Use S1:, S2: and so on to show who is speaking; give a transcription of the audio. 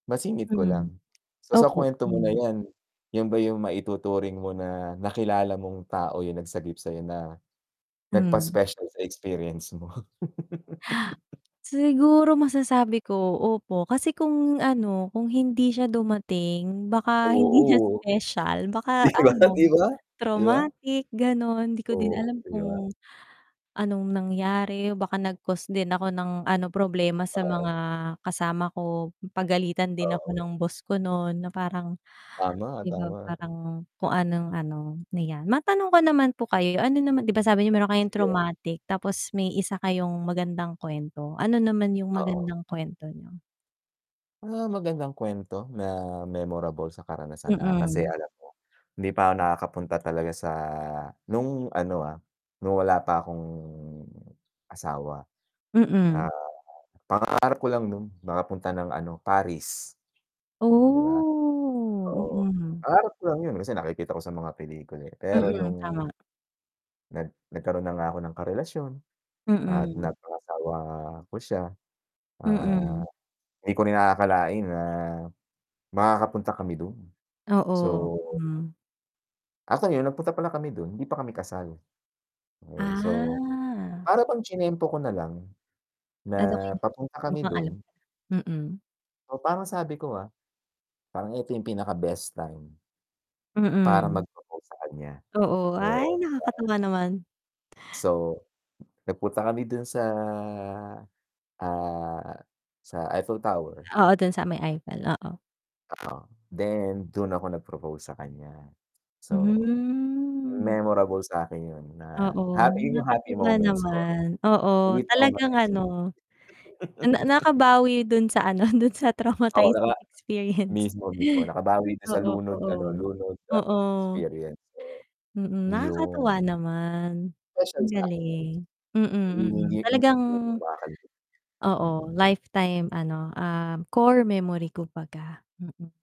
S1: Masingit ko
S2: Hmm,
S1: lang, so, sa
S2: opo.
S1: kwento mo na yan, yun ba yung maituturing mo na nakilala mong tao, yung nagsagip sayo na, nagpas
S2: Mhm.
S1: special sa experience mo.
S2: Siguro masasabi ko opo, kasi kung ano, kung hindi siya dumating, baka hindi niya
S1: Oo.
S2: special baka
S1: 'di ba
S2: ano
S1: 'di ba, 'di ba?
S2: traumatic gano'n, 'di ko din
S1: Oo,
S2: alam
S1: 'di ba.
S2: kung anong nangyari, baka nag cost din ako ng ano problema sa
S1: Oo.
S2: mga kasama ko, pagalitan din ako
S1: Oo.
S2: ng boss ko nun na parang,
S1: Tama
S2: 'di ba?
S1: tama.
S2: Parang kung anong ano na yan, matanong ko naman po kayo ano naman 'di ba sabi n'yo meron kayong
S1: Sige.
S2: traumatic tapos may isa kayong magandang kwento, ano naman yung
S1: Oo.
S2: magandang kwento niyo?
S1: Ah, magandang kwento na memorable sa karanasan, ah, kasi
S2: Mm.
S1: alam mo, hindi pa ako nakakapunta talaga sa nung ano, ah, nung wala pa akong asawa. ah,
S2: Mm.
S1: pangarap ko lang nun nakapunta ng ano Paris, diba?
S2: Oh,
S1: Oo,
S2: mhm,
S1: pangarap ko lang yun kasi nakikita ko sa mga pelikula, eh, pero
S2: mm
S1: nung
S2: tama.
S1: Nag nagkaroon na nga ako ng karelasyon at
S2: Mm.
S1: napangasawa ko siya ah,
S2: Mm.
S1: 'di ko rin aakakalain na makakapunta kami dun, so
S2: Oo, hmm.
S1: Ako yun nagpunta pala kami dun, hindi pa kami kasal. Okey, so
S2: Ah.
S1: para bang chinempo ko nalang
S2: Ano
S1: na papunta kami
S2: mukhang alam,
S1: dun.
S2: mm.
S1: Oo, parang sabi ko, ah, parang ito yung pinaka best time, para
S2: Mm.
S1: mag propose sa kanya,
S2: Oo ,ay
S1: oo.
S2: nakakatuwa naman.
S1: So, nagpunta kami dun sa, ah, sa Eiffel Tower.
S2: Oo, dun sa may Eiffel, oo.
S1: Ah, then dun ako nag propose sa kanya, so,
S2: Mhm.
S1: memorable sakin yun na
S2: Oo,
S1: yun yung happy
S2: nakakatuwa
S1: moments ko,
S2: naman oo
S1: hindi ako
S2: talagang
S1: mating.
S2: ano, na na nakabawi dun sa ano dun sa
S1: Oo, naka
S2: traumatizing experience,
S1: mismo-mismo nakabawi dito sa
S2: oo,
S1: lunod
S2: oo,
S1: ano, lunod at
S2: oo.
S1: experience.
S2: hmm, hmm, nakakatuwa
S1: Yun.
S2: naman
S1: Special
S2: ang
S1: sa akin
S2: galing, hmm, hmm,
S1: hindi
S2: hmm, hmm,
S1: hindi
S2: talagang,
S1: hindi ko makakal.
S2: oo,
S1: mhm.
S2: lifetime ano, um, core memory kumbaga, mm.